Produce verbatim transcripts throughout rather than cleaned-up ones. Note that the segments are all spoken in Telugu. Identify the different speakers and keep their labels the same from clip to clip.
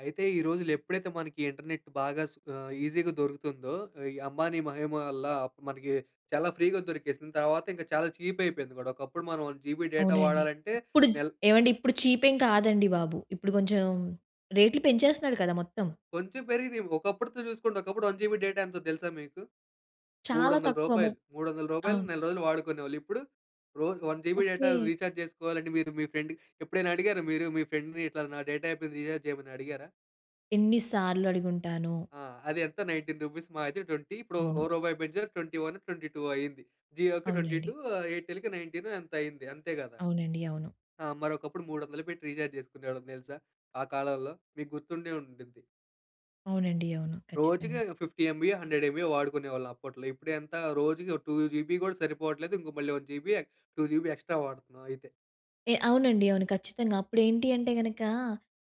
Speaker 1: అయితే, ఈ రోజులు ఎప్పుడైతే మనకి ఇంటర్నెట్ బాగా స్ ఆహ్, ఈసీ‌గా దొరుకుతుందో. ఈ అంబానీ మహిమ వల్ల మనకి చాలా ఫ్రీ‌గా దొరికేసింది. తర్వాత ఇంకా చాలా చీప్ అయిపోయింది గూడా, ఒకప్పుడు మనం వన్ జీబీ డేటా
Speaker 2: అవునండి.
Speaker 1: వాడాలంటే,
Speaker 2: ఇప్పుడు చ్
Speaker 1: నెల్
Speaker 2: ఏవండీ ఇప్పుడు చీప్ ఎం కాదండి బాబు. ఇప్పుడు కొంచెం రేట్లు పెంచేస్తున్నాడు కదా! మొత్తం.
Speaker 1: కొంచెం పెరిగినియ్. ఒకప్పుడుతో చూసుకోండి. ఒకప్పుడు వన్ జీబీ డేటా ఎంతో తెలుసా మీకు?
Speaker 2: చాలా
Speaker 1: మూడొందల
Speaker 2: తక్కువ మొ
Speaker 1: రూపాయలు. మూడొందల రూపాయలకి
Speaker 2: అవును.
Speaker 1: నెల రోజులు వాడుకునేవొళ్ళు. ఇప్పుడు? రోజుకి one GB data
Speaker 2: okay.
Speaker 1: Recharge చేసుకోవాలంటే, మీరు మీ ఫ్రెండ్‌కి ఎప్పుడైనా అడిగారా మీరు? మీ ఫ్రెండ్‌ని ఇట్లా నా డేటా అయిపోయింది. రీఛార్జ్ చేయమని అడిగారా?
Speaker 2: ఎన్ని సార్లు అడిగుంటానో!
Speaker 1: ఆ! అది ఎంత నైన్టీన్ రూపీస్ మాహా అయితే ట్వెంటీ ఇప్పుడు ఓ ఓ
Speaker 2: అవును.
Speaker 1: రూపాయి పెంచారు. ట్వెంటీ వన్ ట్వెంటీ టూ అయింది. జియోకి ట్వెంటీ
Speaker 2: అవునండి.
Speaker 1: టు ఆ ఎయిర్‌టెల్‌కి నైన్టీన్ ఎంతో అయింది. అంతే కదా!
Speaker 2: అవునండి. అవును.
Speaker 1: ఆ! మరొకప్పుడు మూడొందలు పెట్టి రీచార్జ్ చేసుకునేవాళ్ళం తెలుసా? ఆ కాలంలో. మీకు గుర్తుండే ఉండిద్ది.
Speaker 2: అవునండి. అవును.
Speaker 1: రోజుకి
Speaker 2: ఖచ్చితంగా.
Speaker 1: ఫిఫ్టీ ఎమ్‌బి‌యో, హండ్రెడ్ ఎమ్‌బి‌యో వాడుకునేవాళ్ళం అప్పట్లో. ఇప్పుడు ఎంత? రోజుకి టు జీబీ కూడా సరిపోవట్లేదు. ఇంక మళ్ళీ వన్ జీబీ ఎ టూ జీబీ ఎక్స్ట్రా వాడుతున్నాం అయితే.
Speaker 2: ఏ అవునండి. అవును. ఖచ్చితంగా. అప్పుడు ఏంటి అంటే గనక,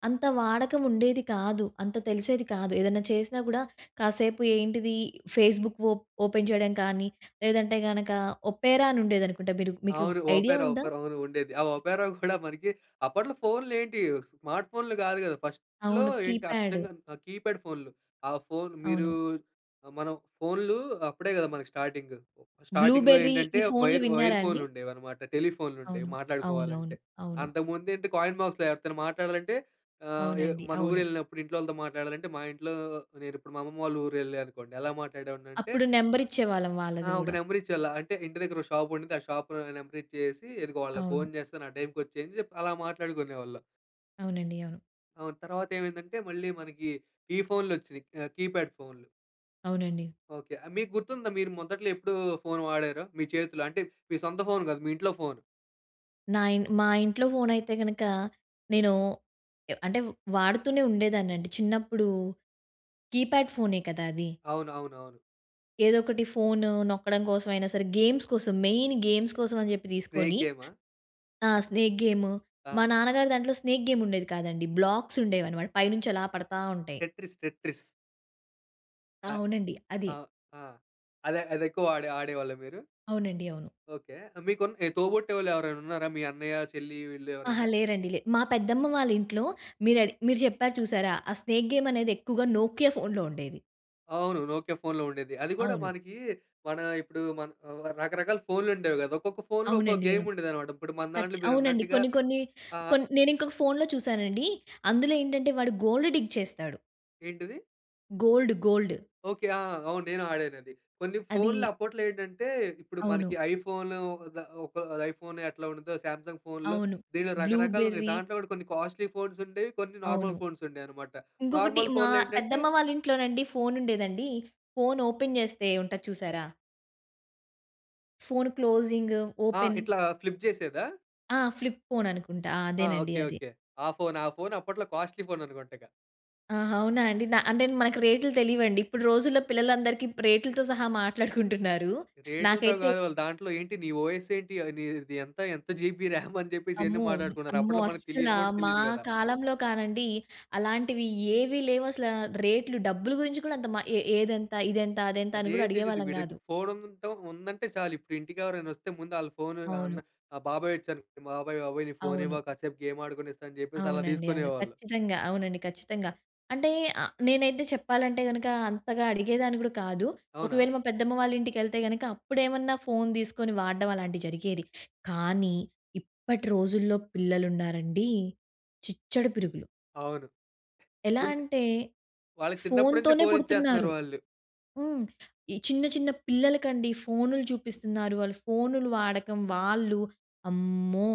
Speaker 2: అంత వాడకం ఉండేది కాదు. అంత తెలిసేది కాదు. ఏదైనా చేసినా కూడా కాసేపు ఏంటిది ఫేస్‌బుక్ ఓప్ ఓపెన్ చేయడం కానీ లేదంటే గనుక, ఒపెరా అని ఉండేది అనుకుంటా. మీరు మీకు
Speaker 1: అవును.
Speaker 2: ఐడియా
Speaker 1: ఓపెరా,
Speaker 2: ఉందా?
Speaker 1: ఓపెరా అవును. ఉండేది. ఆ ఓపెరా కూడా మనకి అప్పట్లో ఫోన్‌లు ఏంటి స్మార్ట్ ఫోన్‌లు కాదు గదా! ఫస్ట్‌లో
Speaker 2: అవును.
Speaker 1: ఏంటి,
Speaker 2: కీప్యాడ్.
Speaker 1: అచ్చంగా కీప్యాడ్ ఫోన్‌లు. ఆ ఫోన్ మీరు
Speaker 2: అవును.
Speaker 1: మనం ఫోన్‌లు అప్పుడే కదా! మనకి స్టార్టింగ్. స్టార్టింగ్‌లో
Speaker 2: బ్లుబెర్రీ
Speaker 1: ఏంటంటే,
Speaker 2: ఈ ఫోన్‌లు
Speaker 1: వైర్ వైర్
Speaker 2: విన్నారా అండి?
Speaker 1: ఫోన్‌లు ఉండేవన్నమాట. టెలిఫోన్‌లుండేవి
Speaker 2: అవును. అవునవును.
Speaker 1: మాట్లాడుకోవాలంటే.
Speaker 2: అవును.
Speaker 1: అంతకు ముందేంటి? కాయిన్ బాక్స్‌లో ఎవరితో మాట్లాడాలంటే ఆహ్, ఎ
Speaker 2: అవునండి.
Speaker 1: మన
Speaker 2: అవును.
Speaker 1: ఊరెళ్ళినప్పుడు ఇంట్లో వాళ్ళతో మాట్లాడాలంటే, మా ఇంట్లో నేను ఇప్పుడు మా అమ్మమ్మ వాళ్ళ ఊరెళ్ళా అనుకోండి. ఎలా మాట్లాడేవాడినంటే
Speaker 2: అప్పుడు నెంబరిచ్చేవాళ్ళం
Speaker 1: ఆ!
Speaker 2: వాళ్ళది
Speaker 1: ఒక
Speaker 2: గూడా.
Speaker 1: నెంబర్ ఇచ్చేవాళ్ళు. అంటే, ఇంటి దగ్గర ఒక షాపుండింది. ఆ షాప్‌లో నెంబర్ ఇచ్చేసి, ఇదిగో వాళ్ళకి
Speaker 2: అవును.
Speaker 1: ఫోన్ చేస్తాను, ఆ టైమ్‌కి వచ్చేయ్, అని చెప్పి, అలా మాట్లాడుకునేవాళ్ళం.
Speaker 2: అవునండి. అవును.
Speaker 1: అవును. తర్వాతేమైందంటే, మళ్ళీ మనకీ, ఈ ఫోన్‌లొచ్చినియి ఆహ్, కీప్యాడ్ ఫోన్‌లు.
Speaker 2: అవునండి.
Speaker 1: ఓకే. ఆహ్, మీకు గుర్తుందా, మీరు మొదట్లో ఎప్పుడూ ఫోన్ వాడారో, మీ చేతిలో, అంటే, మీ సొంత ఫోన్ గాదు, మీ ఇంట్లో ఫోను?
Speaker 2: నా ఇన్ మా ఇంట్లో ఫోనయితే గనకా, నేనూ ఎ అంటే, వాడుతూనే ఉండేదాన్నండి. చిన్నప్పుడూ కీప్యాడ్ ఫోనే కదా! అది.
Speaker 1: అవునవునవును.
Speaker 2: ఏదోకటి ఫోను నొక్కడం కోసమైనా సరే. గేమ్స్ కోసం, మెయిన్ గేమ్స్ కోసం అని చెప్పి
Speaker 1: స్నేక్
Speaker 2: తీసుకోని,
Speaker 1: గేమా?
Speaker 2: ఆ! Snake game. మా
Speaker 1: ఆ!
Speaker 2: నాన్నగారు దాంట్లో స్నేక్ గేముండేది కాదండి. బ్లాక్సుండేవనమాట. పై నుంచలా పడతా ఉంటాయి.
Speaker 1: Tetris, Tetris. నా
Speaker 2: అవునండి.
Speaker 1: ఆ!
Speaker 2: అది.
Speaker 1: ఆ! అదే అదెక్కువాడే ఆడేవాళ్ళా మీరు?
Speaker 2: అవునండి. అవును.
Speaker 1: ఓకే. ఆహ్, మీకున్ ఈ తోబుట్టువులెవరైనున్నారా? మీ అన్నయ్య, చెల్లి వీళ్ళు
Speaker 2: అహా!
Speaker 1: ఎవరైనా?
Speaker 2: లేరండి లే మా పెద్దమ్మ వాళ్ళింట్లో, మీరు అడి మీరు చెప్పారు చూశారా? ఆ స్నేక్ గేమనేది ఎక్కువగా నోకియా ఫోన్‍లో ఉండేది.
Speaker 1: అవును. నోకియా ఫోన్‌లో ఉండేది. అది గూడా
Speaker 2: అవును.
Speaker 1: మనకీ, మనా ఇప్పుడు మన్ ఆహ్, రకరకాల ఫోన్‌లుండేవి గాదు. ఒక్కొక్క ఫోన్‌లో ఒక్కో
Speaker 2: అవునండి. అవును.
Speaker 1: గేముండేదనమాట. ఇప్పుడు మన దాంట్లో
Speaker 2: టచ్
Speaker 1: మీరు
Speaker 2: అవునండి.
Speaker 1: అన్నట్టుగా
Speaker 2: కొన్ని కొన్నీ
Speaker 1: ఆహ్
Speaker 2: కొన్ నేనింకొక ఫోన్‌లో చూశానండీ. అందులో ఏంటంటే, వాడు గోల్డ్ డిగ్ చేస్తాడు.
Speaker 1: ఏంటిది?
Speaker 2: Gold, gold.
Speaker 1: ఓకె. ఆ! అవును. నేను ఆడానది. కొన్ని
Speaker 2: అదీ
Speaker 1: ఫోన్‌లు అప్పట్లో ఏంటంటే, ఇప్పుడు
Speaker 2: అవును.
Speaker 1: మనకి ఐఫోను ద ఒక ఐఫోన్ ఎట్లా ఉంటుందో శాంసంగ్ ఫోన్‌లు,
Speaker 2: అవును.
Speaker 1: దీనిలో
Speaker 2: బ్లూ
Speaker 1: రకరకాలున్నాయి.
Speaker 2: బెర్రీ
Speaker 1: దాంట్లో కూడా కొన్ని కాస్ట్లీ ఫోన్స్ ఉండేవి, కొన్ని నార్మల్
Speaker 2: అవును.
Speaker 1: ఫోన్స్ ఉండేవన్నమాట.
Speaker 2: ఇంకొకటి
Speaker 1: నార్మల్
Speaker 2: మా
Speaker 1: ఫోన్‌‌‌‌‌‌‌లో ఏంటంటే
Speaker 2: పెద్దమ్మ వాళ్ళ ఇంట్లోనండి, ఫోన్ ఉండేదండి. ఫోన్ ఓపెన్ చేస్తే ఉంటది చూసారా ఫోన్ క్లోజింగ్,
Speaker 1: ఆ!
Speaker 2: ఓపెన్!
Speaker 1: ఇట్లా ఫ్లిప్ చేసేదా?
Speaker 2: ఆ! ఫ్లిప్ ఫోన్ అనుకుంటా
Speaker 1: ఆ!
Speaker 2: అదేనండి
Speaker 1: ఓకె.
Speaker 2: అది.
Speaker 1: ఓకె. ఆ ఫోనా? ఆ ఫోన్ అప్పట్లో కాస్ట్లీ ఫోన్ అనుకుంటగా?
Speaker 2: ఆహా! అవునా అండి, న అంటే మనకు రేట్లు తెలీయవండి. ఇప్పుడు రోజుల్లో పిల్లలందరికీ రేట్లతో సహా మాట్లాడుకుంటున్నారు.
Speaker 1: రేట్లతో
Speaker 2: నాకైతే
Speaker 1: కాదు వాళ్ళు దాంట్లో ఏంటి? నీ ఓయస్ ఏంటి? నీ నీది ఎంత, ఎంత జీబీ ర్యామ్? అని చెప్పేసి ఎన్ని
Speaker 2: అమ్మో!
Speaker 1: మాట్లాడుకున్నారు.
Speaker 2: అమ్మో!
Speaker 1: అప్పట్లో మనకు తెలీను
Speaker 2: అస్సలా
Speaker 1: కూడా
Speaker 2: మా
Speaker 1: తెలీదు కదా!
Speaker 2: కాలంలో కానండి అలాంటివి ఏవి లేవసలా. రేట్లు డబ్బులు గురించి కూడా అంత మ ఏ ఏదెంత? ఇదెంత? అదెంత? అని
Speaker 1: అదే
Speaker 2: కూడా
Speaker 1: తెలీదు.
Speaker 2: అడిగేవాళ్ళం
Speaker 1: వీడి దగ్గర
Speaker 2: కాదు.
Speaker 1: ఫోన్ ఉందంట ఉందంటే చాలు. ఇప్పుడింటికి ఎవరైనా వస్తే, ముందు ఆల్ల ఫోన్ అన్న
Speaker 2: అవును.
Speaker 1: ఆహ్, బాబాయ్ వచ్చారు. బాబాయ్, బాబాయ్ నీ ఫోన్
Speaker 2: అవును.
Speaker 1: ఇవ్వా, కాసేపు గేమ్ ఆడుకొనిస్తా అని చెప్పేసలా
Speaker 2: అవునండి. అవును.
Speaker 1: తీసుకునేవాళ్ళు.
Speaker 2: ఖచ్చితంగా. అవునండి. ఖచ్చితంగా. అంటే అ నేనైతే చెప్పాలంటే గనుక అంతగా అడిగేదాన్ని కూడా కాదు.
Speaker 1: అవునా?
Speaker 2: ఒకవేళ మా పెద్దమ్మ వాళ్ళింటికెళ్తే గనుక అప్పుడేమన్నా ఫోన్ తీసుకొని వాడడం అలాంటివి జరిగేది. కానీ ఇప్పటి రోజుల్లో పిల్లలున్నారండి చిచ్చడ పిరుగులు.
Speaker 1: అవును.
Speaker 2: ఎలా
Speaker 1: ఉంది.
Speaker 2: అంటే,
Speaker 1: వాళ్ళకి చిన్నప్పటి నుంచే
Speaker 2: ఫోన్‌తోనే
Speaker 1: ఫోన్ ఇచ్చేస్తున్నారు
Speaker 2: పుడుతున్నారు.
Speaker 1: వాళ్ళు.
Speaker 2: హ్మ్. ఈ చిన్న చిన్న పిల్లలకండి ఫోన్‌లు చూపిస్తున్నారు. వాళ్ళు ఫోన్‌‌లు వాడకం వాళ్ళు అమ్మో!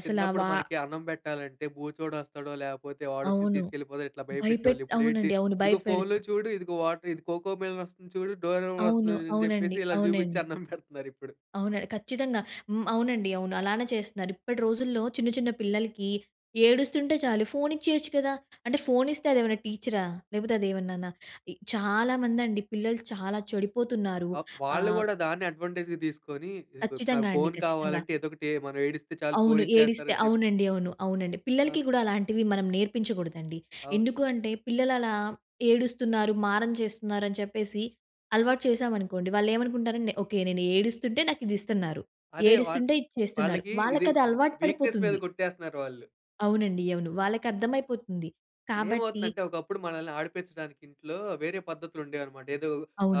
Speaker 2: అసల
Speaker 1: చిన్నప్పుడు
Speaker 2: వా
Speaker 1: మనకి అన్నం పెట్టాలంటే బూచోడొస్తాడో, లేపోతే వాడొచ్చి
Speaker 2: అవును.
Speaker 1: తీసుకెళ్ళిపోతాడు ఇట్లా
Speaker 2: భయపెట్
Speaker 1: భయపెట్టేవాళ్ళు. ఇప్పుడేంటి
Speaker 2: అవునండి అవును.
Speaker 1: ఇదిగో ఫోన్‌లో
Speaker 2: భయపెడుతం
Speaker 1: చూడు, ఇదిగో వాటర్ ఇది 'కోకోమెలన్' వస్తుంది చూడు, 'డోరెమాన్'
Speaker 2: అవును.
Speaker 1: వస్తుంది అని
Speaker 2: అవునండి.
Speaker 1: చెప్పేసి ఇలా చూపించి
Speaker 2: అవునండి.
Speaker 1: అన్నం పెడుతున్నారిప్పుడు.
Speaker 2: అవునండి. ఖచ్చితంగా హ్మ్. అవునండి. అవును. అలానే చేస్తున్నారు. ఇప్పటి రోజుల్లో చిన్న చిన్న పిల్లలకి ఏడుస్తుంటే చాలు. ఫోన్ ఇచ్చేయొచ్చు కదా! అంటే ఫోన్ ఇస్తే అదేమన్నా టీచరా? లేకపోతే అదేమన్నానా? ఇ చాలామందండి పిల్లలు చాలా చెడిపోతున్నారు.
Speaker 1: అవ్ వాళ్ళు
Speaker 2: ఆహ్
Speaker 1: గూడా దాన్నే అడ్వాంటేజ్‌గా తీసుకొని, ఇది కు నాకు
Speaker 2: ఖచ్చితంగా అండి.
Speaker 1: ఫోన్
Speaker 2: ఖచ్చితంగా.
Speaker 1: కావాలంటే, ఏదోకటి మనం ఏడిస్తే చాలు ఫోన్
Speaker 2: అవును.
Speaker 1: ఇచ్చేస్తారు
Speaker 2: ఏడిస్తే
Speaker 1: అని చెప్పి
Speaker 2: అవునండి అవును. అవునండి. పిల్లలకి
Speaker 1: ఆ!
Speaker 2: గుడా అలాంటివి మనం నేర్పించకూడదండి.
Speaker 1: అవును.
Speaker 2: ఎందుకుంటే, పిల్లలు అలా ఏడుస్తున్నారు, మారం చేస్తున్నారు, అని చెప్పేసి అలవాటు చేశామనుకోండి వాళ్ళేమనుకుంటారంటే, ఓకే. నేను ఏడుస్తుంటే నాకు ఇది ఇస్తున్నారు.
Speaker 1: అదే వాళ్ళ్
Speaker 2: ఏడుస్తుంటే ఇది చేస్తున్నారు.
Speaker 1: వాళ్ళకి ఇది
Speaker 2: వాళ్ళకి అది
Speaker 1: ఇ
Speaker 2: అలవాటు
Speaker 1: వీక్‌‌‌నెస్స్ మీద
Speaker 2: పడిపోతుంది.
Speaker 1: కొట్టేస్తున్నారు వాళ్ళు.
Speaker 2: అవునండి అవును. వాళ్ళకర్థమైపోతుంది. కాబట్టి
Speaker 1: ఏమవుతుందంటే, ఒకప్పుడు మనల్ని ఆడిపించడానికి ఇంట్లో, వేరే పద్ధతులు ఉండేవన్నమాట. ఏదో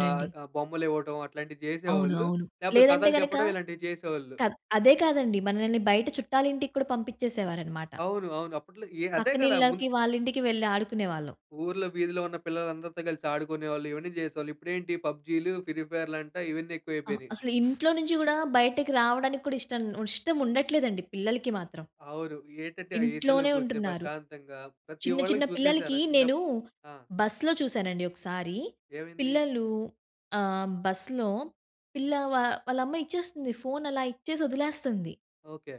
Speaker 1: ఆహ్, ఆ బొమ్మలివ్వటం అట్లాంటివి
Speaker 2: అవును.
Speaker 1: చేసేవాళ్ళు.
Speaker 2: అవును.
Speaker 1: లేకపోతే
Speaker 2: లేదంటే
Speaker 1: కథలు
Speaker 2: గనక
Speaker 1: చెప్పడం ఇలాంటివి చేసేవాళ్ళు.
Speaker 2: కాద్ అదే కాదండి, మనల్ని బయట చుట్టాల ఇంటికి కూడా పంపించేసేవారన్నమాట.
Speaker 1: అవును. అవును. అప్పట్లో ఎ అదే కదా! ముంద్
Speaker 2: పక్కనిళ్ళకి, వాళ్ళింటికి వెళ్ళి ఆడుకునేవాళ్ళం.
Speaker 1: ఊర్లో వీధిలో ఉన్న పిల్లలందరితో కలిసి ఆడుకునేవాళ్ళు. ఇవన్నీ చేసేవాళ్ళు. ఇప్పుడేంటి, పబ్జీలు ఫ్రీఫైర్లు అంటా! ఇవన్నీ
Speaker 2: ఆహ్!
Speaker 1: ఎక్కువయిపోయినయి.
Speaker 2: అసలు ఇంట్లో నుంచి గూడా బయటకి రావడానికి కూడా ఇష్టం ఇష్టం ఉండట్లేదండి పిల్లలకి మాత్రం.
Speaker 1: అవును. ఏంటంటే, ఆ ఏసీలో
Speaker 2: ఇంట్లోనే
Speaker 1: కూర్చొని
Speaker 2: ఉంటున్నారు.
Speaker 1: ప్రశాంతంగా, ప్రతి
Speaker 2: చిన్న, చిన్న
Speaker 1: వాళ్ళకి చూసేసారా
Speaker 2: పిల్లలకి నేను
Speaker 1: చిన్నప్పుడు ఆ!
Speaker 2: బస్‌లో చూశానండి ఒకసారి,
Speaker 1: ఏమైంది?
Speaker 2: పిల్లలు ఆహ్, బస్‌లో పిల్ల వా వాళ్ళ అమ్మ ఇచ్చేస్తుంది. ఫోన్ అలా ఇచ్చేసి వదిలేస్తంది.
Speaker 1: ఓకే.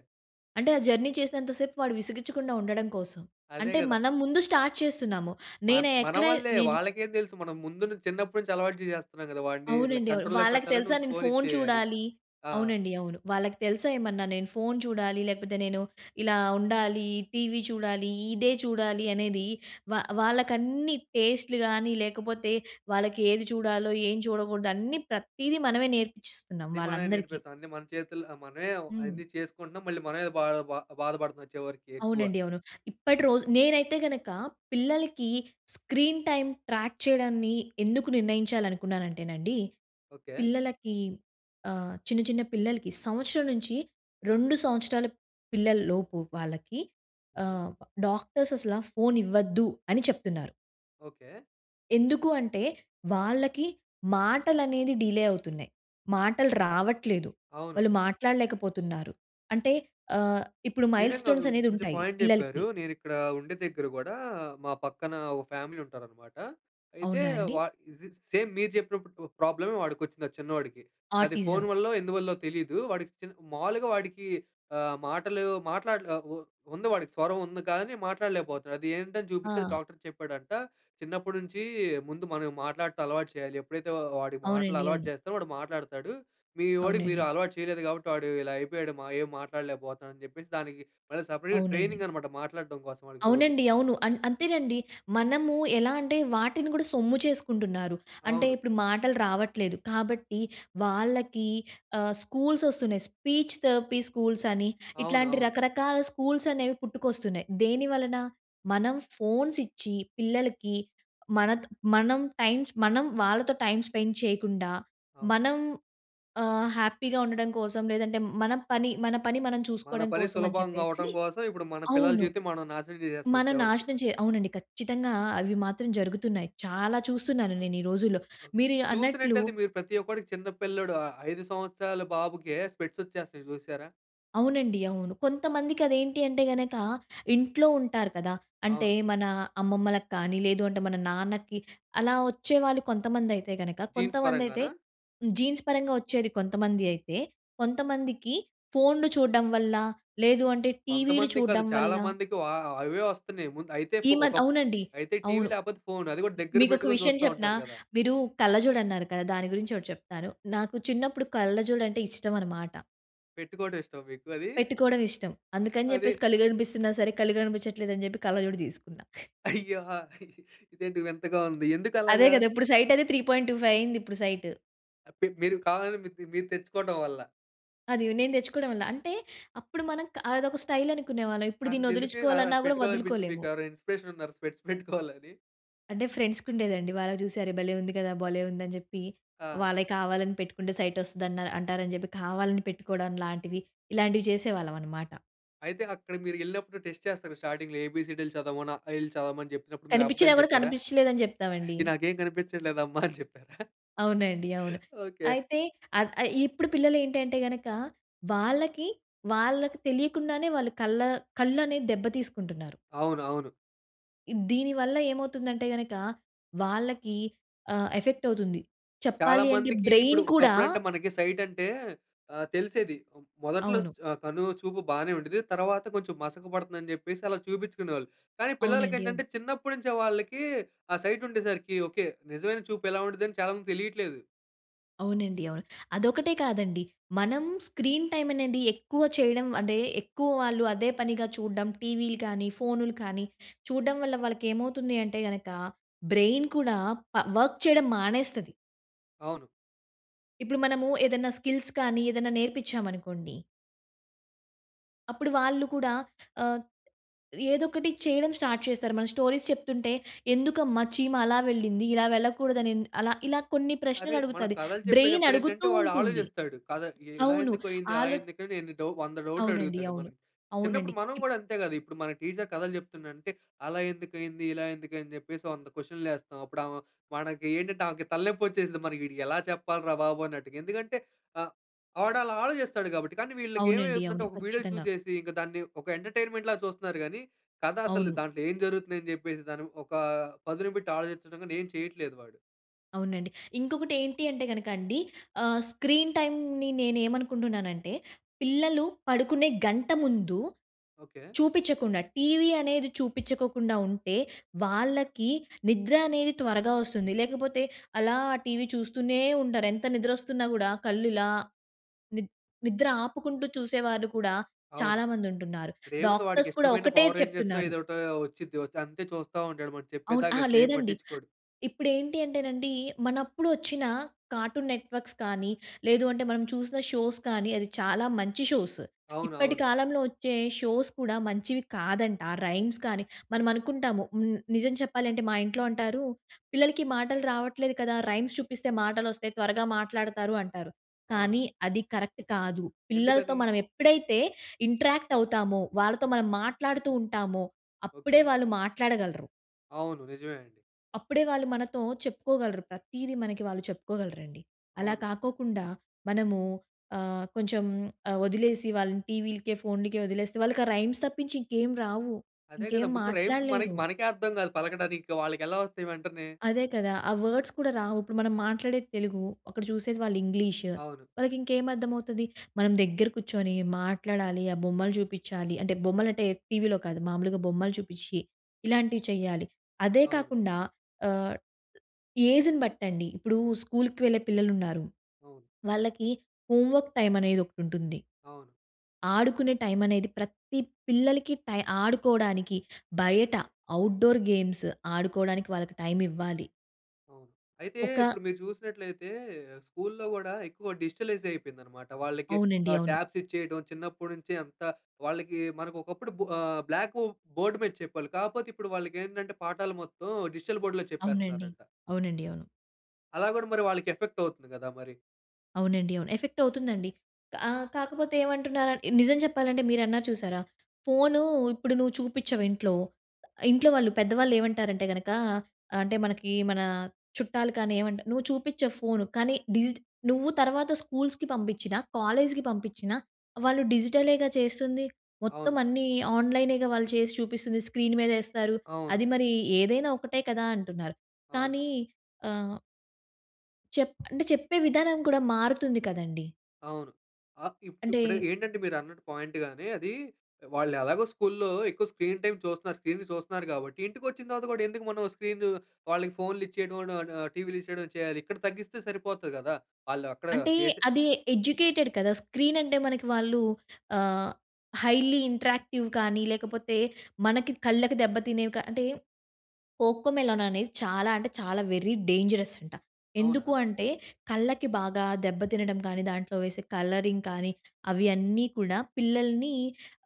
Speaker 2: అంటే ఆ జర్నీ చేసినంత‌సేపు వాడు విసిగించకుండా ఉండడం కోసం.
Speaker 1: అదే
Speaker 2: అంటే
Speaker 1: కదా!
Speaker 2: మనం ముందు స్టార్ట్ చేస్తున్నాము.
Speaker 1: మన్
Speaker 2: నేను
Speaker 1: మన
Speaker 2: ఎక్కడ
Speaker 1: వళ్ళే.
Speaker 2: నేను
Speaker 1: వాళ్ళకేం తెలుసు మనం ముందు నుం చిన్నప్పటి నుంచి అలవాటు చేసేస్తున్నాం కదా! వాడిని
Speaker 2: అవునండి అవును.
Speaker 1: కంట్రోల్లో
Speaker 2: వాళ్ళకి
Speaker 1: పెట్టాలంటే
Speaker 2: తెలుసా
Speaker 1: ముందు
Speaker 2: నేను
Speaker 1: ఫోన్
Speaker 2: ఫోన్
Speaker 1: ఇచ్చేయాలి.
Speaker 2: చూడాలి
Speaker 1: ఆ!
Speaker 2: అవునండి అవును. వాళ్ళకి తెలుసా ఏమన్నా నేను ఫోన్ చూడాలి, లేకపోతే నేను ఇలా ఉండాలి, టీవీ చూడాలి, ఇదే చూడాలి అనేది వా వాళ్ళకన్నీ టేస్ట్‌లు‌గాని లేకపోతే వాళ్ళకేది చూడాలో ఏం చూడకూడదో అన్నీ ప్రతీదీ మనమే నేర్పిచ్చిస్తున్నాం
Speaker 1: అన్నీ మనమే
Speaker 2: వాళ్ళందరికీ.
Speaker 1: నేర్పిస్తాం. మన చేతుల్లో మనమే
Speaker 2: హ్మ్.
Speaker 1: అన్నీ చేసుకుంటున్నాం, మళ్ళీ మనమే బాధ బా బాధ బాధపడుతున్నాం చివరికి ఎక్కువ.
Speaker 2: అవునండి అవును. ఇప్పటి రోజు నేనైతే గనుక పిల్లలకి స్క్రీన్ టైమ్ ట్రాక్ చేయడాన్ని ఎందుకు నిర్ణయించాలనుకున్నానంటేనండి,
Speaker 1: ఓకే.
Speaker 2: పిల్లలకి ఆహ్, చిన్న, చిన్న పిల్లలకి సంవత్సరం నుంచి రెండు సంవత్సరాల పిల్లల‌లోపు వాళ్ళకి
Speaker 1: హ్మ్.
Speaker 2: ఆహ్, డాక్టర్స్ అసలా ఫోన్ ఇవ్వద్దని చెప్తున్నారు.
Speaker 1: ఓకే.
Speaker 2: ఎందుకు అంటే వాళ్ళకి మాటలనేది డిలే అవుతున్నాయి. మాటలు రావట్లేదు.
Speaker 1: అవును.
Speaker 2: వాళ్ళు మాట్లాడలేకపోతున్నారు. అంటే ఆహ్, ఇప్పుడు మైల్
Speaker 1: నిజంగా వ్
Speaker 2: స్టోన్స్ అనేది
Speaker 1: మంచి
Speaker 2: ఉంటాయి
Speaker 1: పాయింట్ చెప్పారు.
Speaker 2: పిల్లలకి
Speaker 1: నేనిక్కడ ఉండే దగ్గర కూడా మా పక్కన ఓ ఫ్యామిలీ ఉంటారనమాట. అయితే
Speaker 2: అవునా అండి?
Speaker 1: వా ఈజ్ స్ సేమ్ మీరు చెప్పినప్పుడు ప్రాబ్లమే వాడికొచ్చింది ఆ చిన్నోడికి. అది ఫోన్
Speaker 2: ఆటిజం.
Speaker 1: వల్లో ఎందువల్లో తెలీదు వాడికి చి మావులుగా వాడికి ఆహ్, మాటలు మాట్లాడగా ఉ ఉంది వాడికి స్వరం ఉంది, కాని మాట్లాడలేకపోతున్నాడు. అది ఏంటని చూపిస్తే
Speaker 2: ఆ!
Speaker 1: డాక్టర్ చెప్పాడంట, "చిన్నప్పటి నుంచి ముందు మనం మాట్లాడటం అలవాటు చేయాలి. ఎప్పుడైతే వా వాడి మాటలు
Speaker 2: అవునండి
Speaker 1: అలవాటు
Speaker 2: అవును.
Speaker 1: చేస్తారో వాడు మాట్లాడతాడు. మీ వోడికి మీరు
Speaker 2: అవునండి.
Speaker 1: అలవాటు చేయలేదు కాబట్టి వాడు ఇలా అయిపోయాడు మా ఏం మాట్లాడలేకపోతున్నాడని చెప్పేసి" దానికి మళ్ళా సెపరేట్‌
Speaker 2: అవునండి.
Speaker 1: ట్రైనింగ్ అనమాట మాట్లాడటం కోసం వాడికి రోజు.
Speaker 2: అవునండి అవును. అన్ అంతేనండి, మనము ఎలా అంటే వాటిని కూడా సొమ్ము చేసుకుంటున్నారు. అంటే
Speaker 1: అవును.
Speaker 2: ఇప్పుడు మాటలు రావట్లేదు, కాబట్టి వాళ్ళకి ఆహ్, స్కూల్స్ వస్తున్నాయి. స్పీచ్ థెరపీ స్కూల్స్ అని
Speaker 1: అవును
Speaker 2: ఇట్లాంటి
Speaker 1: అవును.
Speaker 2: రకరకాల స్కూల్స్ అనేవి పుట్టుకొస్తున్నాయి. దేనివలన, మనం ఫోన్స్ ఇచ్చి పిల్లలకి మన మనం టైమ్ స్ మనం వాళ్ళతో టైమ్ స్పెండ్ చేయకుండా
Speaker 1: అ!
Speaker 2: మనం ఆహ్, హ్యాపీగా ఉండడం కోసం లేదంటే మన పని, మన పని మనం
Speaker 1: మన
Speaker 2: చూసుకోవడం
Speaker 1: పని
Speaker 2: కోసం అని
Speaker 1: సులభంగా
Speaker 2: చెప్పేసి
Speaker 1: అవటం కోసం ఇప్పుడు మన పిల్లల
Speaker 2: అవును.
Speaker 1: జీవితం మనం నాశనం చేసేస్తున్నాం
Speaker 2: మనం
Speaker 1: చివరికి.
Speaker 2: నాశనం చే అవునండి ఖచ్చితంగా అవి మాత్రం జరుగుతున్నాయి. చాలా చూస్తున్నాను నేనీ రోజుల్లో. మీరీ అన్నట్లు
Speaker 1: చూసినట్టయితే మీరు ప్రతి ఒక్కడికి చిన్న పిల్లోడు, ఐ ఐదు సంవత్సరాల బాబుకే స్పెక్ట్స్ వచ్చేస్తున్నయి చూసారా?
Speaker 2: అవునండి. అవును. కొంతమందికి అది ఏంటి అంటే గనక ఇంట్లో ఉంటారు కదా! అంటే
Speaker 1: అవును.
Speaker 2: మన అమ్మమ్మలకి కానీ, లేదు అంటే మన నాన్నకి, అలా వచ్చేవాళ్ళు కొంతమంది అయితే గనక
Speaker 1: జీన్స్
Speaker 2: కొంతమందైతే
Speaker 1: పరంగానా?
Speaker 2: హ్మ్. జీన్స్ పరంగా వచ్చేది కొంతమంది అయితే, కొంతమందికి ఫోన్‌లు చూడడం వల్ల, లేదు అంటే టీవీలు
Speaker 1: కొంతమందికి కాదు.
Speaker 2: చూడడం వల్ల
Speaker 1: చాలా మందికి వహ్ అవే వస్తన్నాయి. ముందు అయితే
Speaker 2: ఈ
Speaker 1: ఫొ ఒక
Speaker 2: మద్ అవునండి.
Speaker 1: అయితే టీవీ
Speaker 2: అవును.
Speaker 1: లేపోతే ఫోన్. అది గూడా దగ్గర
Speaker 2: మీకు ఒక
Speaker 1: పెట్టుకొని
Speaker 2: విషయం
Speaker 1: చూస్తా
Speaker 2: చెప్పనా?
Speaker 1: ఉంటారు గదా!
Speaker 2: మీరు కళ్ళజోడు అన్నారు కదా! దాని గురించి ఒకటి చెప్తాను. నాకు చిన్నప్పుడు కళ్ళజోడు అంటే ఇష్టం అనమాట.
Speaker 1: పెట్టుకోవడం ఇష్టమా మీకు అదీ?
Speaker 2: పెట్టుకోవడం ఇష్టం. అందుకని చెప్పేసి
Speaker 1: అది
Speaker 2: కళ్ళు కనిపిస్తన్నా సరే కళ్ళు కనిపిచ్చట్లేదని జెప్పి కళ్ళజోడు తీసుకున్నా.
Speaker 1: అయ్యా! ఇదేంటి వింతగా ఉంది. ఎందుకు
Speaker 2: అదే
Speaker 1: అలాగా?
Speaker 2: కదా! ఇప్పుడు సైటైతే త్రీ పాయింట్ టూఫైవ్ అయింది ఇప్పుడు సైట్.
Speaker 1: అ పి మీరు కావాలని మీర్ మీరు తెచ్చుకోడం వల్ల.
Speaker 2: అది నేను తెచ్చుకోవడం వల్ల. అంటే అప్పుడు మనం క అదొక స్టైల్ అనుకునేవాళ్ళం. ఇప్పుడు
Speaker 1: అసలు
Speaker 2: దీన్ని
Speaker 1: ఎందుకు ఆహ్,
Speaker 2: వదిలిచ్చుకోవాలన్నా కూడా
Speaker 1: పెట్టుకోవాలి అనిపిచ్చింది
Speaker 2: వదులుకోలేము.
Speaker 1: మీకు? ఎవరైనా ఇన్స్‌పిరేషన్ ఉన్నారా స్పెక్ట్స్ పెట్టుకోవాలని?
Speaker 2: అంటే ఫ్రెండ్స్‌కుండేదండి. వాళ్ళకి చూసి అరే భలే ఉంది కదా! భలే ఉందని జెప్పి
Speaker 1: ఆ!
Speaker 2: వాళ్ళయి కావాలని పెట్టుకుంటే సైట్ వస్తది అన్నా అంటారని చెప్పి కావాలని పెట్టుకోవడం లాంటివి, ఇలాంటివి చేసేవాళ్లమనమాట.
Speaker 1: అయితే అక్కడ మీరు ఎళ్ళినప్పుడు టెస్ట్ చేస్తారు స్టార్టింగ్‌లో. ఏబిసిడిలు చదవమని. అఆఇలు చదవమని చెప్పినప్పుడు. మీరు
Speaker 2: కనిపించినా
Speaker 1: అబద్దాలు
Speaker 2: గూడా
Speaker 1: చెప్పారా?
Speaker 2: కనిపించలేదు అని జెప్తామండి.
Speaker 1: ఇది నాకేం కనిపించట్లేదమ్మ అని చెప్పారా?
Speaker 2: అవునండి. అవును.
Speaker 1: ఓకె.
Speaker 2: అయితే అద్ అయి ఇప్పుడు పిల్లలేంటంటే గనక. వాళ్ళకి వాళ్ళకి తెలియకుండానే వాళ్ళు కళ్ళ కళ్ళనేది దెబ్బ తీసుకుంటున్నారు.
Speaker 1: అవును. అవును.
Speaker 2: ఇ దీని వల్ల ఏమవుతుందంటే గనక. వాళ్ళకీ ఆహ్, ఎఫెక్ట్ అవుతుంది.
Speaker 1: చాలా
Speaker 2: చెప్పాలి అంటే
Speaker 1: మందికి ఇప్పుడు
Speaker 2: బ్రైన్ కూడా
Speaker 1: ఒకప్పుడు అంటే మనకి సైట్ అంటే ఆహ్, తెలిసేది. మొదట్లో
Speaker 2: అవును.
Speaker 1: చ్ ఆహ్, కను చూపు బానే ఉండేది. తర్వాత కొంచెం మసక పడుతుందని జెప్పేసి, అలా చూపించుకునేవాళ్ళు. కానీ పిల్లలకి
Speaker 2: అవునండి. అవును.
Speaker 1: ఏంటంటే, చిన్నప్పటి నుంచే వాళ్ళకీ ఆ సైట్ ఉండేసరికి ఓకే. నిజమైన చూపు ఎలా ఉంటదని చాలా మందికి తెలీట్లేదు.
Speaker 2: అవునండి. అవును. అదొక్కటే కాదండి మనం స్క్రీన్ టైమ్ అనేది ఎక్కువ చేయడం అంటే, ఎక్కువ వాళ్ళు అదే పనిగా చూడ్డం టీవీలు కానీ, ఫోన్‌లు కానీ చూడ్డం వల్ల వాళ్ళకి ఏమవుతుంది అంటే గనక, బ్రైన్ కూడా ప వర్క్ చేయడం మానేస్తది.
Speaker 1: అవును.
Speaker 2: ఇప్పుడు మనము ఏదైనా స్కిల్స్ కానీ ఏదైనా నేర్పించామనుకోండి. అప్పుడు వాళ్ళు కూడా ఆహ్, ఏదో ఒకటి చేయడం స్టార్ట్ చేస్తారు. మన స్టోరీస్ చెప్తుంటే, "ఎందుకమ్మా చీమ అలా వెళ్ళింది. ఇలా వెళ్ళకూడదనిది." అలా ఇలా కొన్ని
Speaker 1: అదే మన
Speaker 2: ప్రశ్నలడుగుతాది.
Speaker 1: కథలు
Speaker 2: బ్రైన్
Speaker 1: చెప్పేటప్పుడు ఏంటంటే,
Speaker 2: అడుగుతూ
Speaker 1: వాడు
Speaker 2: ఉంటుంది.
Speaker 1: ఆలోచిస్తాడు. కథ ఇలా
Speaker 2: అవును.
Speaker 1: ఎందుకైంది అలా
Speaker 2: ఆలో
Speaker 1: ఎందుకు అని ఎన్ని డౌ వంద
Speaker 2: అవునండి.
Speaker 1: డౌట్‌లడుగుతాడు
Speaker 2: అవును.
Speaker 1: మనని. చిన్నప్పుడు
Speaker 2: అవునండి.
Speaker 1: మనం
Speaker 2: ఇప్
Speaker 1: గూడా అంతే గదా. ఇప్పుడు మన టీచర్ కథలు జెప్తున్నాదంటే, అలా ఎందుకైంది? ఇలా ఎందుకని జెప్పేసి వంద క్వెషన్‌లేస్తాం. అప్పుడు ఆమ మనకేంటంటే, ఆమెకి తలనొప్పి వచ్చేసిద్ది, మనం వీడికి ఎలా చెప్పాలి రా బాబు! అన్నట్టుగా. ఎందుకంటే ఆహ్, వాడు అలా ఆలోచిస్తాడు గాబట్టి. కానీ వీళ్ళకి
Speaker 2: అవునండి.
Speaker 1: ఏమైతుందంటే,
Speaker 2: అవును.
Speaker 1: ఒక వీడియో
Speaker 2: ఖచ్చితంగా.
Speaker 1: చూసేసి. ఇంక దాన్ని ఒక ఎంటర్టైన్‌మెంట్‌ లాగా చూస్తున్నారు గానీ, కథ అసలు
Speaker 2: అవును.
Speaker 1: దాంట్లో ఏం జరుగుతుంది అని జెప్పేసి. దాని ఒకా పదును బెట్టి ఆలోచించడం గాని ఏం చేయట్లేదు వాడు.
Speaker 2: అవునండి. ఇంకొకటి ఏంటి అంటే కనుక అండి ఆహ్, స్క్రీన్ టైంని నేను ఏమనుకుంటున్నానంటే, పిల్లలు పడుకునే గంట ముందు
Speaker 1: ఓకె.
Speaker 2: చూపించకుండా, టీవీ అనేది చూపించకోకుండా ఉంటే వాళ్ళకి నిద్ర అనేది త్వరగా వస్తుంది. లేకపోతే అలా అ టీవీ చూస్తూనే ఉంటారు. ఎంత నిద్రొస్తున్నా కూడా కళ్ళు ఇలా ని నిద్ర ఆపుకుంటూ చూసేవారు కూడా
Speaker 1: అవును.
Speaker 2: చాలామంది ఉంటున్నారు.
Speaker 1: ఇప్పుడు ఏముంది వాడికి
Speaker 2: డాక్టర్స్ కూడా
Speaker 1: ఇష్టమైన
Speaker 2: ఒకటే
Speaker 1: పవర్ రేంజర్సొ
Speaker 2: చెప్తున్నారు.
Speaker 1: ఏదో ఒకటొ వచ్చింది. అంతే చూస్తా ఉంటాడు. మనం
Speaker 2: అవును.
Speaker 1: చెప్పేదాకా
Speaker 2: అహా!
Speaker 1: అసలు ఏం
Speaker 2: లేదండి.
Speaker 1: పట్టించుకోడు.
Speaker 2: ఇప్పుడు ఏంటి అంటేనండి. మనప్పుడు వచ్చిన కార్టూన్ నెట్వర్క్స్ కానీ లేదు అంటే మనం చూసిన షోస్ కానీ అది చాలా మంచి షోస్.
Speaker 1: అవును
Speaker 2: ఇప్పటి
Speaker 1: అవును.
Speaker 2: కాలంలో వచ్చే షోస్ కూడా మంచివి కాదంట. ఆ రైమ్స్ కానీ, మనం అనుకుంటాము. హ్మ్, నిజం చెప్పాలంటే మా ఇంట్లో అంటారు "పిల్లలకి మాటలు రావట్లేదు కదా, రైమ్స్ చూపిస్తే మాటలొస్తాయి. త్వరగా మాట్లాడతారు" అంటారు.
Speaker 1: అవును.
Speaker 2: కానీ అది కరెక్ట్ కాదు. పిల్లలతో
Speaker 1: ఎందుకని?
Speaker 2: మనం ఎప్పుడైతే ఇంట్రాక్ట్ అవుతామో, వాళ్ళతో మనం మాట్లాడుతూ ఉంటామో అప్పుడే
Speaker 1: ఓకె.
Speaker 2: వాళ్ళు మాట్లాడగలరు.
Speaker 1: అవును. నిజమే అండి.
Speaker 2: అప్పుడే వాళ్ళు మనతో చెప్పుకోగలరు. ప్రతీది మనకి వాళ్ళు చెప్పుకోగలరండి. అలా
Speaker 1: అవును.
Speaker 2: కాకోకుండా మనము ఆహ్, కొంచెం వదిలేసి వాళ్ళని టీవీ‌లకే, ఫోన్‌లకే వదిలేస్తే వాళ్ళకి ఆ రైమ్స్ తప్పించి ఇంకేమి రావు.
Speaker 1: అదే గద,
Speaker 2: ఇంకేం
Speaker 1: ముందు రైమ్స్ మనకి
Speaker 2: మాట్లాడలేరు.
Speaker 1: మనకే అర్థం కాదు. పలకడానికి ఇంకా వాళ్ళకెలా వస్తాయి వెంటనే.
Speaker 2: అదే కదా! ఆ వర్డ్స్ కూడా రావు. ఇప్పుడు మనం మాట్లాడేది తెలుగు. అక్కడ చూసేది వాళ్ళు ఇంగ్లీష్.
Speaker 1: అవును.
Speaker 2: వాళ్ళకి ఇంకేమి అర్థమవుతుంది. మనం దగ్గర కూర్చొని మాట్లాడాలి, ఆ బొమ్మలు చూపించాలి. అంటే బొమ్మలంటే టీవీలో కాదు, మామూలుగా బొమ్మలు చూపించి ఇలాంటివి చేయాలి. అదే
Speaker 1: అవును.
Speaker 2: కాకుండా ఆహ్, ఏజ్‌ని బట్టండి ఇప్పుడు స్కూల్‌కి వెళ్ళే పిల్లలు ఉన్నారు.
Speaker 1: అవును.
Speaker 2: వాళ్ళకి హోం వర్క్ టైం అనేది ఒకటి ఉంటుంది.
Speaker 1: అవును.
Speaker 2: ఆడుకునే టైం అనేది ప్రతి పిల్లలకి టై ఆడుకోవడానికి, బయట అవుట్ డోర్ గేమ్స్ ఆడుకోవడానికి వాళ్ళకి టైం ఇవ్వాలి.
Speaker 1: అవును. అయితే.
Speaker 2: ఒకా
Speaker 1: ఇప్పుడు మీరు చూసినట్లయితే. స్కూల్లో కూడా ఎక్కువ డిజిటలైజ్ అయిపోయింది అన్నమాట. వాళ్ళకి
Speaker 2: అవునండి
Speaker 1: ఆహ్,
Speaker 2: అవును.
Speaker 1: టాబ్స్ ఇచ్చేయడం చిన్నప్పటి నుంచి అంత, వాళ్ళకి మనకి ఒకప్పుడు బు ఆహ్, బ్లాకు బోర్డ్ మీద చెప్పారు. కాకపోతే ఇప్పుడు వాళ్ళకి ఏంటంటే పాఠాలు మొత్తం డిజిటల్ బోర్డ్‌లో
Speaker 2: అవునండి.
Speaker 1: చెప్పేస్తున్నారంట.
Speaker 2: అవునండి అవును.
Speaker 1: అలా కూడా మరి వాళ్ళకి ఎఫెక్ట్ అవుతుంది కదా, మరి.
Speaker 2: అవునండి అవును. ఎఫెక్ట్ అవుతుందండి. ఆ! కాకపోతే ఏమంటున్న నిజం చెప్పాలంటే మీరు అన్నారు చూశారా. ఫోను ఇప్పుడు నువ్వు చూపించవ్ ఇంట్లో. ఆహ్, ఇంట్లో వాళ్ళు, పెద్దవాళ్ళు ఏమంటారంటే గనుక అంటే మనకి మన చుట్టాలు కానీ ఏమంటా నువ్వు చూపించవ్ ఫోన్ కానీ డిజి నువ్వు తర్వాత స్కూల్స్‌కి పంపించినా, కాలేజ్‌కి పంపించినా వాళ్ళు డిజిటలె‌గా చేస్తుంది. మొత్తం
Speaker 1: అవును.
Speaker 2: అన్నీ ఆన్‍లైనె‌గా వాళ్ళు చేసి చూపిస్తుంది. స్క్రీన్ మీదేస్తారు.
Speaker 1: అవును.
Speaker 2: అది మరీ ఏదైనా ఒకటే కదా అంటున్నారు.
Speaker 1: అవును.
Speaker 2: కానీ, ఆహ్ చెప్ అంటే చెప్పే విధానం కూడా మారుతుంది కదండీ.
Speaker 1: అవును. అహ్, ఇప్
Speaker 2: అంటే.
Speaker 1: ఇప్పుడు ఏంటంటే మీరు అన్నట్టు పాయింట్‌గానే అదీ వాళ్ళు ఎలాగో స్కూల్లో ఎక్కువ స్క్రీన్ టైం చూస్తున్నారు. స్క్రీన్‌న్ని చూస్తున్నారు కాబట్టి ఇంటికి వచ్చిన తర్వాత కూడా ఎందుకు మనం స్క్రీను వాళ్ళకి ఫోన్‌లిచ్చేయడం ట్ ట్ టీవీలెచ్చేయడం చేయాలి? ఇక్కడ తగ్గిస్తే సరిపోతది కదా! వాళ్ళు అక్కడ
Speaker 2: అంటే
Speaker 1: చేసి
Speaker 2: అది ఎడ్యూకెటెడ్ కదా! స్క్రీన్ అంటే మనకి వాళ్ళు ఆహ్, హైలీ ఇంటెరాక్టివ్ కానీ లేకపోతే, మనకి కళ్ళకి దెబ్బ తినేవి కా అంటే 'కోకోమెలన్' అనేది చాలా అంటే చాలా వెరీ డేంజరస్ అంట. ఎందుకు
Speaker 1: అవునా?
Speaker 2: అంటే కళ్ళకి బాగా దెబ్బతినడం కానీ, దాంట్లో వేసే కలరింగ్ కానీ అవి అన్నీ కూడా పిల్లల్ని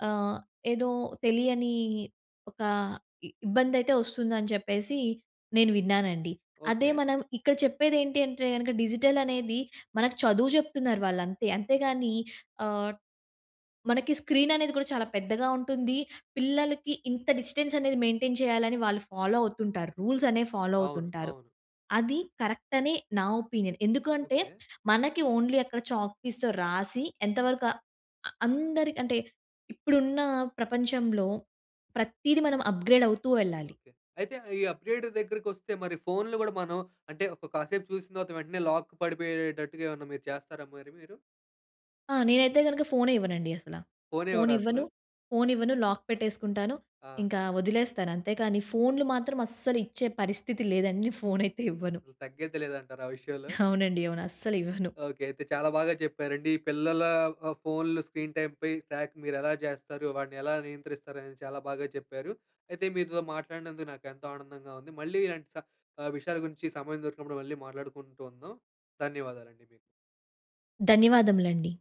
Speaker 2: ఆహ్, ఏదో తెలియని ఒక ఇబ్బందైతే వస్తుందని చెప్పేసి నేను విన్నానండి. అదే
Speaker 1: ఓకె.
Speaker 2: మనం ఇక్కడ చెప్పేది ఏంటి అంటే గనక డిజిటల్ అనేది, మనకు చదువు చెప్తున్నారు వాళ్ళు అంతే. అంతేగాని ఆహ్, మనకి స్క్రీన్ అనేది కూడా చాలా పెద్దగా ఉంటుంది. పిల్లలకి ఇంత డిస్టెన్స్ అనేది మెయింటైన్ చేయాలని వాళ్ళు ఫాలో అవుతుంటారు. రూల్స్ అనేవి ఫాలో
Speaker 1: అవును.
Speaker 2: అవుతుంటారు.
Speaker 1: అవును.
Speaker 2: అది కరెక్ట్ అనె, నా ఒపీనియన్. ఎందుకంటే
Speaker 1: ఓకె.
Speaker 2: మనకి ఓన్లీ అక్కడ చాక్ పీస్‌తో రాసి, ఎంతవరక అ అందరికి అంటే, ఇప్పుడున్న ప్రపంచంలో ప్రతీది మనం అప్‌గ్రేడ్ అవుతూ ఎళ్ళాలి.
Speaker 1: అయితే ఆహ్, ఈ అప్‌డేట్ దగ్గరకి వస్తే మరి ఫోన్‌లు కూడ మనం అంటే, ఒక కాసేపు చూసిన తర్వాత వెంటనే లాక్ పడిపోయేటట్టుగా ఏమన్నా మీరు చేస్తారా మరి మీరు?
Speaker 2: ఆ! నేనైతే గనుక ఫోనే ఇవ్వనండి అసల.
Speaker 1: ఫోనే
Speaker 2: ఫోన్
Speaker 1: ఇవ్వరా అసలు?
Speaker 2: ఇవ్వను. ఫోన్ ఇవ్వను లాక్ పెట్టేసుకుంటాను.
Speaker 1: ఆ!
Speaker 2: ఇంకా వదిలేస్తాను అంతే కానీ, ఫోన్‌లు మాత్రం అస్సలు ఇచ్చే పరిస్థితి లేదండి. నేను ఫోన్ అయితే ఇవ్వను.
Speaker 1: అసల తగ్గేదేలేదంటారా ఆ విషయంలో.
Speaker 2: అవునండి. అవును. అస్సలివ్వను.
Speaker 1: ఓకె. అయితే చాలా బాగా చెప్పారండి. పిల్లల ఆహ్, ఫోన్‌లు స్క్రీన్ టైంపై ట్రాక్ మీరు ఎలా చేస్తారు? వాడిని ఎలా నియంత్రిస్తారు? అని చాలా బాగా చెప్పారు. అయితే మీతో మాట్లాడినందుకు నాకు ఎంతో ఆనందంగా ఉంది. మళ్ళీ ఇలాంటి స ఆహ్, విషయాల గురించి సమయం దొరికినప్పుడు మళ్ళీ మాట్లాడుకుంటూ ఉందాం. ధన్యవాదాలండి మీకు.
Speaker 2: ధన్యవాదములండి.